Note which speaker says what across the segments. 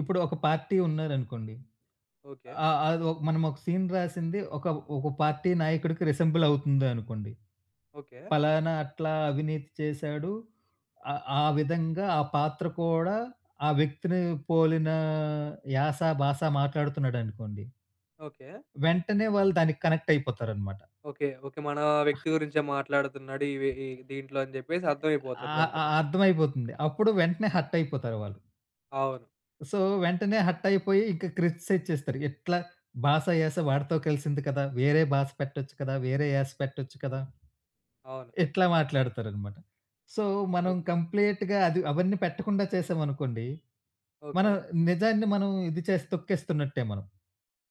Speaker 1: ఇప్పుడు ఒక పార్టీ ఉన్నారనుకోండి.
Speaker 2: ఓకే.
Speaker 1: ఆ ఆదొ మనమోక సీన్ రాసింది ఒక ఒక పార్టీ నాయకుడికి రిసెంబులవుతుంది అనుకోండి.
Speaker 2: ఓకే.
Speaker 1: పలానా అట్లా అవినీతి చేసాడు, ఆ ఆ విధంగా, ఆ పాత్ర కూడా ఆ వ్యక్తిని పోలిన యాస, బాస మాట్లాడుతున్నాడనుకోండి...
Speaker 2: ఓకే.
Speaker 1: వెంటనే వాళ్ళు దానికి కనెక్టయిపోతారనమాట.
Speaker 2: ఓకే. ఓకే. మన వ్యక్తి గురించే మాట్లాడుతున్నాడు. ఈవే ఈ దీంట్లో అని చెప్పేసి
Speaker 1: ఆ!
Speaker 2: అర్థమైపోతది
Speaker 1: అ
Speaker 2: వెంటనే.
Speaker 1: అర్థమైపోతుంది. అప్పుడు వెంటనే హర్టయిపోతారు వాళ్ళు.
Speaker 2: అవును.
Speaker 1: సో, వెంటనే హర్టయిపోయి ఇంక క్రిటిసైజ్ చేస్తారు. ఎట్లా బాస, యాస వాడితో కలిసింది కదా! వేరే బాస పెట్టొచ్చు కదా! వేరే యాస పెట్టొచ్చు కదా!
Speaker 2: అవును.
Speaker 1: ఇట్లా మాట్లాడతారనమాట. సో, మనం
Speaker 2: ఓకే.
Speaker 1: కంప్లీట్‌గా అది అవన్నీ పెట్టకుండా చేసామనుకోండి. మనం
Speaker 2: ఓకే.
Speaker 1: నిజాన్ని మనం ఇది చేస్ తొక్కేస్తున్నట్టే మనం.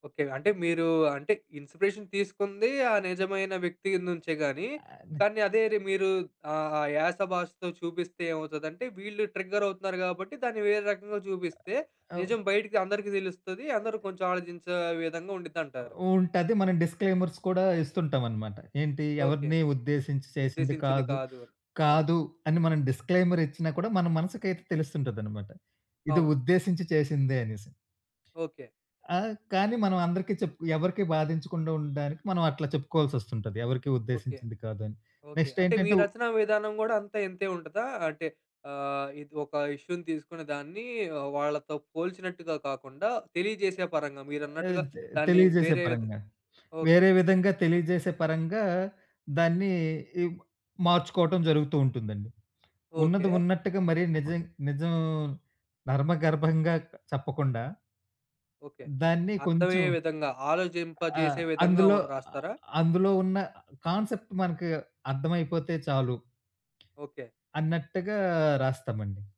Speaker 2: ఓకే. అంటే మీరూ అంటే, ఇన్స్‌పీరేషన్ తీసుకుంది ఆ నిజమైన వ్యక్తి నుంచే గాని,
Speaker 1: అని
Speaker 2: కానీ అదే రి మీరు ఆ ఆ యాస, భాషతో చూపిస్తే ఏమవుతదంటే వీళ్ళు ట్రిగ్గరవుతున్నారు గాబట్టి, దాన్ని వేరే రకంగా జూపిస్తే,
Speaker 1: అవు
Speaker 2: నిజం బైటికి అందరికీ తెలుస్తది, అందరూ కొంచెం ఆలోచించే విధంగా ఉండిద్దంటారు.
Speaker 1: ఉంటది. మనం డిస్క్లైమర్స్ కూడా ఇస్తుంటాం అనమాట. ఏంటి,
Speaker 2: ఓకే.
Speaker 1: ఎవరిని ఉద్దేశించి చేసింది
Speaker 2: ఉద్దేశించింది
Speaker 1: కాదు.
Speaker 2: కాదు. అవును.
Speaker 1: కాదు అని మనం డిస్క్లైమరిచ్చినా కూడా మన మనసుకయితే తెలుస్తుంటదనమాట. ఇది
Speaker 2: అవును.
Speaker 1: ఉద్దేశించి చేసిందే అనేసి.
Speaker 2: ఓకే.
Speaker 1: ఆ! కానీ మనం అందరికి చెప్పు ఎవరికీ బాధించకుండా ఉండడానికి మనం అట్లా చెప్పుకోవాల్సొస్తుంటది. ఎవరికీ
Speaker 2: ఓకే.
Speaker 1: ఉద్దేశించింది కాదని.
Speaker 2: ఓకే. అంటే మీ
Speaker 1: నెక్స్టేంటంటే ఉ
Speaker 2: రచనా విధానం గూడా, అంతే ఇంతే ఉంటదా? అంటే, అహ్, ఇది ఒక ఇష్యూ‌ని తీసుకుని దాన్ని ఆహ్, వాళ్ళతో పోల్చినట్టుగా కాకుండా, తెలియజేసే పరంగా
Speaker 1: ఏ
Speaker 2: మీరన్నట్టుగా
Speaker 1: ఇది తె
Speaker 2: దాన్ని
Speaker 1: తెలియజేసే
Speaker 2: వేరే విధ
Speaker 1: పరంగా.
Speaker 2: ఓకే.
Speaker 1: వేరే విధంగా తెలియజేసే పరంగా, దాన్ని ఇవ్వ మార్చుకోటం జరుగుతూ ఉంటుందండి. ఉన్నది
Speaker 2: ఓకే.
Speaker 1: ఉన్నట్టుగా మరీ నిజం నిజం నర్మగర్భంగా చెప్పకుండా...
Speaker 2: ఓకే.
Speaker 1: దాన్ని కొంచెం
Speaker 2: అర్థమయ్యే విధంగా,
Speaker 1: ఆహ్,
Speaker 2: ఆలోచింపజేసే విధంగా ఉ
Speaker 1: అందులో ఆహ్,
Speaker 2: రాస్తారా?
Speaker 1: అందులో ఉన్న కాన్సెప్ట్ మనకి అర్థం అయిపోతే చాలు.
Speaker 2: ఓకే.
Speaker 1: అన్నట్టుగా రాస్తామండి.